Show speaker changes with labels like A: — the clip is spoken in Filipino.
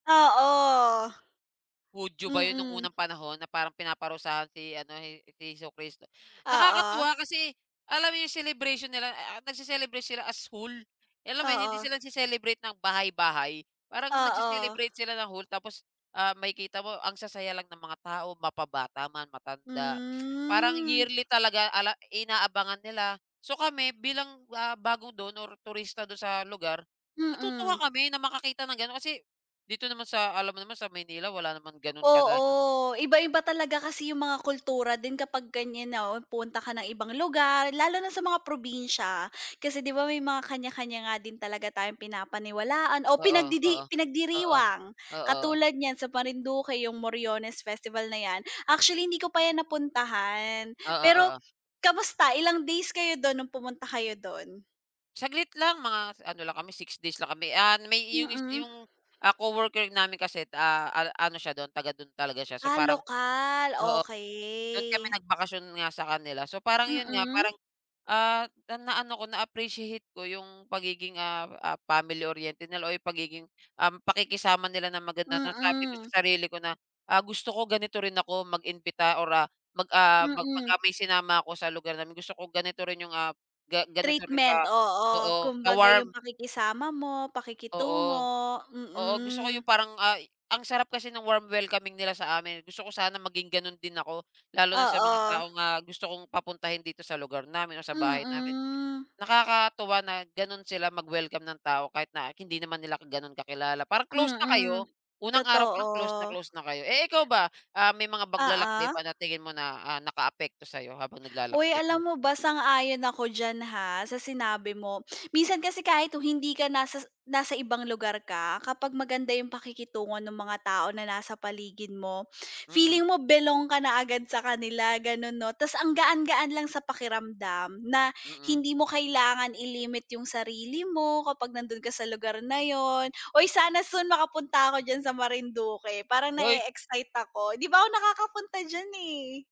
A: Oo.
B: Hudyo ba 'yon no'ng
A: Mm.
B: unang panahon na parang pinaparusahan si, ano, He si Hesukristo.
A: Oo.
B: Nakakatuwa kasi alam mo 'yong celebration nila a nagse-celebrate sila as whole. Alam mo 'yon, hindi
A: Oo.
B: sila nagce-celebrate ng bahay-bahay. Parang
A: Oo.
B: nagse-celebrate sila ng whole. Tapos, ah, makikita mo ang sasaya lang ng mga tao, mapabata man, matanda. Parang
A: Hmm.
B: yearly talaga ala inaabangan nila. So, kami bilang, ah, bago do'n or turista do'n sa lugar, natutuwa
A: Mm.
B: kami na makakita ng gano'n. Kasi, dito naman sa alam mo naman sa Maynila wala naman gano'n kagaya
A: Oo. Iba-iba talaga kasi 'yong mga kultura din kapag ganiyan na, oh, pumunta ka ng ibang lugar, lalo na sa mga probinsya. Kasi 'di ba may mga kaniya-kaniya nga din talaga tayong pinapaniwalaan o
B: Oo, oo.
A: pinagdidi
B: Oo.
A: pinagdiriwang.
B: Oo.
A: Katulad niyan sa Marinduque 'yong Moriones Festival na 'yan. Actually, hindi ko pa 'yan napuntahan.
B: Oo,
A: Pero
B: oo.
A: kamusta? Ilang days kayo do'n no'ng pumunta kayo do'n?
B: Saglit lang. Mga s ano lang kami, 6 days lang kami. Ah, n may iyon yus
A: Mm.
B: 'yong, ah, coworker namin kasi, ah, an ano siya do'n taga do'n talaga siya. So
A: Ah,
B: parang
A: lokal,
B: oo, do'n kami
A: okey.
B: nagbakasyon nga sa kanila, so parang 'yon nga
A: Mm.
B: parang, ah, na na-ano ko, na-appreciate ko 'yong pagiging, ah, ah, family-oriented nila o 'yong pagiging, um, pakikisama nila na maganda na sabi ko
A: Mm.
B: sa sarili ko na, ah, gusto ko ganito rin ako mag-imbita or, ah, mag ah, mag
A: Mm.
B: 'pagka may sinama ako sa lugar namin, gusto ko ganito rin 'yong, ah, ga ganito rin
A: Treatment,
B: ka
A: oo.
B: oo,
A: Kumbaga 'yong
B: ka-warm.
A: pakikisama mo,
B: Oo.
A: pakikitungo,
B: Oo, gusto ko
A: mm.
B: 'yong parang, ay, ang sarap kasi no'ng warm welcoming nila sa amin, eh. Gusto ko sana maging gano'n din ako. Lalo na sa mga
A: Oo.
B: taong, ah, gusto kong papuntahin dito sa lugar namin o sa bahay namin.
A: Mm.
B: Nakakatuwa na gano'n sila mag-welcome ng tao kahit na hindi naman nila gano'n kakilala. Parang close na
A: Mm,
B: kayo. Unang araw pa lang close na
A: totoo.
B: close na kayo. Eh, ikaw ba, um, may mga paglalakbay
A: Oo.
B: ba na tingin mo na, ah, nakaapekto sa'yo habang
A: Uy,
B: naglalakbay kayo?
A: alam mo ba sang-ayon ako diyan, ha, sa sinabi mo. Minsan kasi kahit o hindi ka nasas nasa ibang lugar ka kapag maganda 'yong pakikitungo no'ng mga tao na nasa paligid mo,
B: Mm.
A: feeling mo belong ka na agad sa kanila, gano'n 'no. Tas ang gaan-gaan lang sa pakiramdam na
B: Mm.
A: hindi mo kailangan i-limit 'yong sarili mo kapag nando'n ka sa lugar na 'yon. Uy, sana soon makapunta ako diyan sa Marinduque. Parang
B: Hoy.
A: na-e-excite ako 'di pa ako nakakapunta diyan, eh.